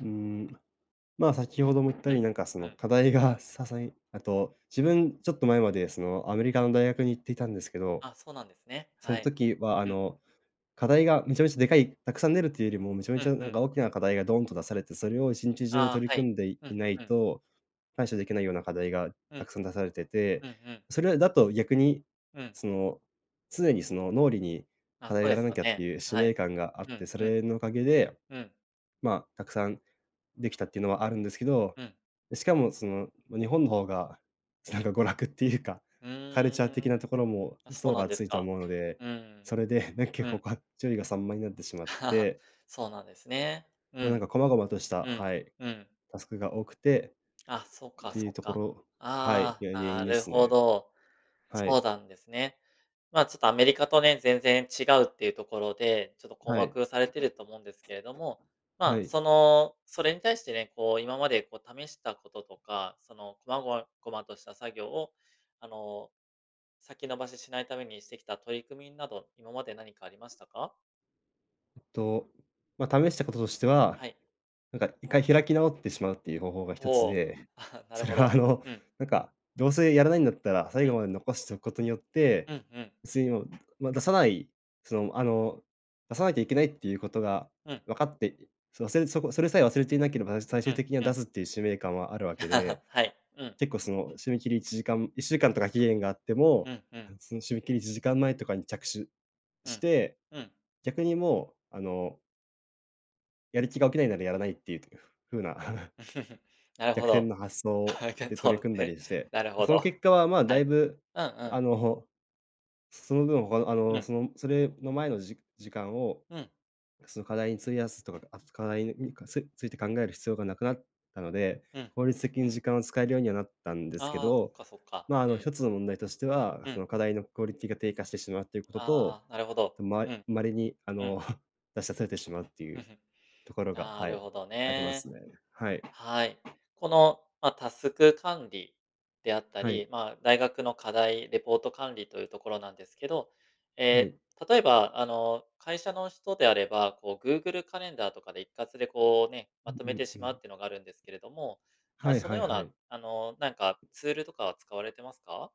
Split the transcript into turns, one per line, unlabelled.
うーん、ま、先ほども言ったよ
う
う
ん、
に、なんか、そ
う
の、
ん。
課題がささえあと自分ちょっと前まで、その、アメリカの大学に行っていたんですけど、
あ、そうなんですね、
そ
は
の
い、
時は、あ
うん。
の、課題がめちゃめちゃでかいたくさん出るというよりも、めちゃめ
うん
ちゃな
う
んか
ん。
大きな課題がドーンと出されて、それを一日中
ああ、
取り
はい、
組んでい
うん
ない
うん。
と、対処できないような課題が
う
た
ん。
くさん出されてて。
うんうん。
それだと逆に、
うん。
その、常に、その、脳裏に
あ、
課
そ
題を
う
や
で
ら
す
な
よ
きゃって
ね。
いう使
は
命
い。
感があっ
うん
て、そ
うん。
れのおかげで、
うん。
ま、たくさんできたっていうのはあるんですけど。
うん。
しかも、その、日本の方がなんか娯楽っていうか、
う
カルチャー
ーん、
的なところも
あ、そう
層
な
が
んです
厚いと
か。
思うので、
うん。
それで、ね、
う
結構、
ん。
が注意が散漫になってしまっ て
そうなんですね。う
ま、なん
ん。
か細々とした、
うん、
はい、
うん。
タスクが多くて
あ、そっ
っ
か
ていう
そっ
とこ
か。
ろはい、
あ
げ原
あ、
因
な
で
る
す
ほ
ね。
ど。
は
そ
い。
うなんですね。ま、ちょっとアメリカとね、全然違うっていうところで、ちょっと困
はい。
惑されてると思うんですけれども。ま
は
あ、
い。
その、それに対してね、こう、今までこう試したこととか、その、こまごわごまとした作業を、あの、先延ばししないためにしてきた取り組みなど、今まで何かありましたか？
と、ま、試したこととしては、
はい。
なんか、一回開き直ってしまうっていう方法が一つ
ほう、
で。
あ、なる
それ
ほ
は、
ど。
あの、
うん。
なんか、どうせやらないんだったら、最
うん。
後まで残しておくことによって、
うんうん。
次にも、ま、出さない、その、あの、出さなきゃいけないっていうことが
うん。
わかって、それせんそそれさえ忘れていなければ、最
う
終
ん、
的には
う
出
ん。
すっていう使命感はあるわけで、
はい、うん。
結構、その、締め切り1時間、1週間とか期限があっても、
うんうん。
なんその、締め切り1時間前とかに着手
う
し
ん、
て、
うん。
逆にもう、あのやる気が起きないならやらないっていう、ふ風な
なる
逆
ほ
転
ど、
の発想
[unintelligible]
で
と
取り
る
組んだ
へ、
りして。
なるほ
その
ど、
結果は、ま、
は
だい
い、
ぶ、
うんうん。
あの、その分他の、あ
う
の、
ん。
その、むそれの前の、じ時間を、
うん。
その課題に費やすとか、あ、つ課題に、うん、かつついて考える必要がなくなったので、
うん。
効率的に時間を使えるようにはなったんですけ
ああ、そ
ど。
っかそっか。
ま、あの、
うん。
一つの問題としては、
う
そ
ん。
の、課題のクオリティが低下してしまうということと、
ああ、なるほど、
ま
うん。
稀に、あ
うん。
の、出し忘れてしまうってい
ん、
う
ふん、
ところが、
な
は
る
い、
ほど
ありま
ね。
すね。はい。
はい。この、ま、タスク管理であった
はい。
り、ま、大学の課題、レポート管理というところなんですけど。
は
え、
い。
例えば、あの、会社の人であれば、こう Google カレンダーとかで一括でこうね、
う
まと
ん
めて
う
し
んう
まう
ん。
っていうのがあるんですけれども、
は
あ、
い
そ
は
の
い
よう
は
な、
い。
あの、なんかツールとかは使われてますか？